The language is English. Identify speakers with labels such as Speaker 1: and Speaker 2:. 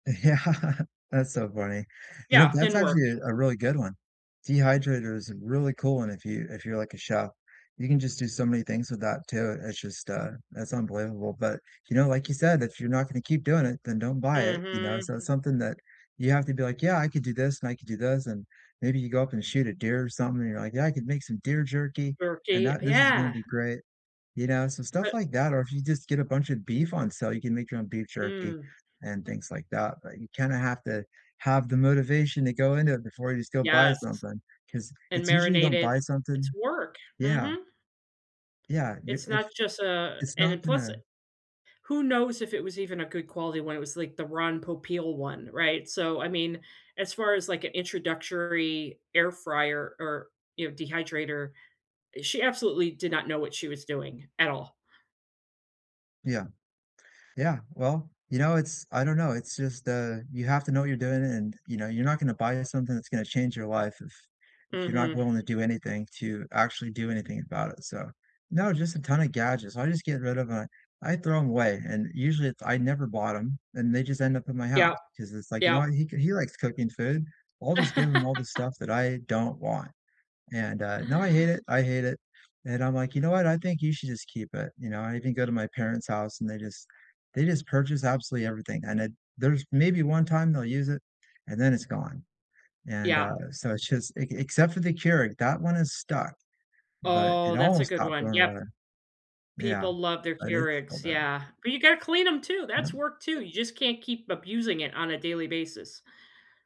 Speaker 1: Yeah, that's so funny. You know,
Speaker 2: Yeah,
Speaker 1: that's
Speaker 2: didn't work.
Speaker 1: actually, uh, a really good one. Dehydrator is a really cool one if you if you're like a chef. You can just do so many things with that too. It's just, uh, that's unbelievable, but, you know, like you said, "If you're not gonna keep doing it, then don't buy it," you know?
Speaker 2: Mhm,
Speaker 1: So it's
Speaker 2: hmm
Speaker 1: something that you have to be, like, "Yeah, I could do this, and I could do this," and maybe you go up and shoot a deer or something, and you're, like, "Yeah, I could make some deer jerky, and
Speaker 2: Jerky,
Speaker 1: that this is gonna
Speaker 2: yeah.
Speaker 1: be great." You know? So stuff
Speaker 2: But
Speaker 1: like that, or if you just get a bunch of beef on sale, you can make your own beef jerky
Speaker 2: Mm.
Speaker 1: and things like that, but you kinda have to have the motivation to go into it before you just go buy
Speaker 2: Yes,
Speaker 1: something, 'cause
Speaker 2: and
Speaker 1: it's usually you don't
Speaker 2: marinated
Speaker 1: buy
Speaker 2: it's
Speaker 1: something
Speaker 2: work,
Speaker 1: Yeah.
Speaker 2: mhm.
Speaker 1: Yeah, you
Speaker 2: It's not
Speaker 1: ish
Speaker 2: just a
Speaker 1: it's
Speaker 2: and then
Speaker 1: not
Speaker 2: plus
Speaker 1: gonna
Speaker 2: who knows if it was even a good quality one, it was like the Ron Popeil one, right? So, I mean, as far as, like, an introductory air fryer or you know, dehydrator, she absolutely did not know what she was doing at all.
Speaker 1: Yeah. Yeah, well, you know, it's I don't know, it's just the you have to know what you're doing and, you know, you're not gonna buy a something that's gonna change your life if if you're not
Speaker 2: Mhm.
Speaker 1: willing to do anything to actually do anything about it. So no, just a ton of gadgets, I just get rid of, uh I throw 'em away, and usually it I never bought 'em, and they just end up in my house
Speaker 2: Yep,
Speaker 1: 'cause it's, like, "You know
Speaker 2: yep.
Speaker 1: what? He ca he likes cooking food. I'll just give him all the stuff that I don't want." And, uh, now I hate it, I hate it. And I'm, like, "You know what? I think you should just keep it." You know, I even go to my parents' house and they just they just purchase absolutely everything, and it there's maybe 1 time they'll use it and then it's gone, and,
Speaker 2: Yeah.
Speaker 1: uh, so it's just ec except for the Keurig, that one is stuck, but
Speaker 2: Oh,
Speaker 1: it
Speaker 2: that's a
Speaker 1: almost
Speaker 2: good
Speaker 1: got
Speaker 2: one.
Speaker 1: blown
Speaker 2: Yep.
Speaker 1: away. Yeah,
Speaker 2: People love their
Speaker 1: but it's still
Speaker 2: Keurigs,
Speaker 1: there.
Speaker 2: yeah. But you gotta clean 'em too, that's
Speaker 1: Yep.
Speaker 2: work too. You just can't keep abusing it on a daily basis.